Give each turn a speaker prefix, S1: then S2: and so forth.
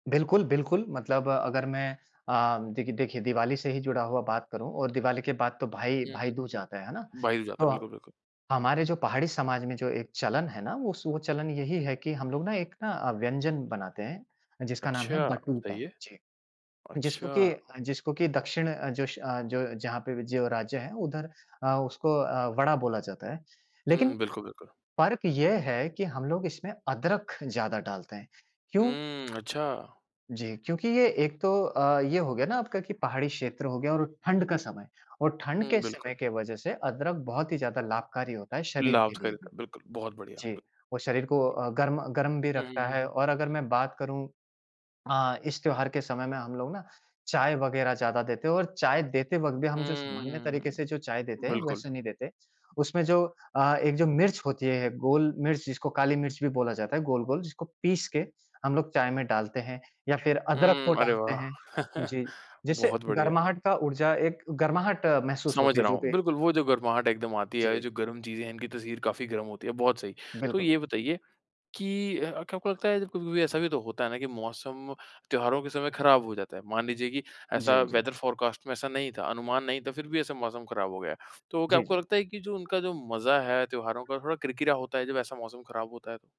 S1: बिल्कुल, बिल्कुल। मतलब अगर मैं अम, देखि देखिए दिवाली से ही जुड़ा हुआ बात करूँ और दिवाली के बाद तो
S2: हुँ,
S1: भाई
S2: हुँ,
S1: भाईदूज जाता है, है ना।
S2: हुँ। बाहिर जाता
S1: तो
S2: है। बिल्कुल, बिल्कुल।
S1: हमारे जो पहाड़ी समाज में जो एक चलन है ना वो स वो चलन यही है कि हम लोग ना एक ना अ, व्यंजन बनाते हैं, जिसका नाम है
S2: अच्छा
S1: बटुका।
S2: बताइए।
S1: जी। जिसको
S2: अच्छा!
S1: की अ, जिसको की दक्षिण अ, जश अ, जो जहाँ पे भी जो राज्य है उधर अ, उसको अ, वड़ा बोला जाता है। लेकिन
S2: हुँ, बिल्कुल बिल्कुल।
S1: फ़र्क ये है कि हम लोग इसमें अदरक ज़्यादा डालते हैं। क्यों
S2: हुँ, अच्छा।
S1: जी। क्योंकि ये एक तो अ, ये हो गया ना आपका कि पहाड़ी क्षेत्र हो गया और ठंड का समय। और ठंड
S2: हुँ,
S1: के
S2: बिल्कुल।
S1: समय के वजह से अदरक बहुत ही ज़्यादा लाभकारी होता है शरीर
S2: लाभ
S1: के
S2: तो
S1: लिए भी।
S2: करेगा, बिल्कुल। बहुत बढ़िया।
S1: जी।
S2: बि
S1: वो शरीर को अ, गर्म गर्म भी
S2: हुँ, हुँ,
S1: रखता
S2: हुँ।
S1: है। और अगर मैं बात करूँ अ, इस त्योहार के समय में हम लोग ना चाय वगैरह ज़्यादा देते हैं और चाय देते वक़्त भी हम जो सामान्य
S2: हम्म,
S1: तरीके से जो चाय देते हैं,
S2: बिल्कुल।
S1: वैसे नहीं देते। उसमें जो अ, एक जो मिर्च होती है, गोल मिर्च जिसको काली मिर्च भी बोला जाता है गोल-गोल जिसको पीस के हम लोग चाय में डालते हैं या फिर अदरक को
S2: हुँ, अरे
S1: डालते
S2: वाह!
S1: हैं। जी। जिससे
S2: बहुत बढ़िया।
S1: गरमाहट का ऊर्जा एक गरमाहट महसूस होती
S2: समझ
S1: है,
S2: रहा
S1: जो
S2: हूँ।
S1: भी
S2: बिल्कुल, वो जो गर्माहट एकदम आती है और ये
S1: जी।
S2: जो गर्म चीज़ें हैं इनकी तासीर काफ़ी गरम होती है, बहुत सही। तो
S1: बिल्कुल, बिल
S2: ये बताइए कि अ, क्या आपको लगता है कभी-कभी ऐसा भी तो होता है ना कि मौसम त्योहारों के समय खराब हो जाता है। मान लीजिए कि ऐसा
S1: जी, जी।
S2: वेदर फ़ोरकास्ट में ऐसा नहीं था, अनुमान नहीं था, फिर भी ऐसा मौसम खराब हो गया। तो क्या
S1: जी,
S2: आपको
S1: जी।
S2: लगता है कि जो उनका जो मज़ा है त्योहारों का थोड़ा किरकिरा होता है जब ऐसा मौसम खराब होता है?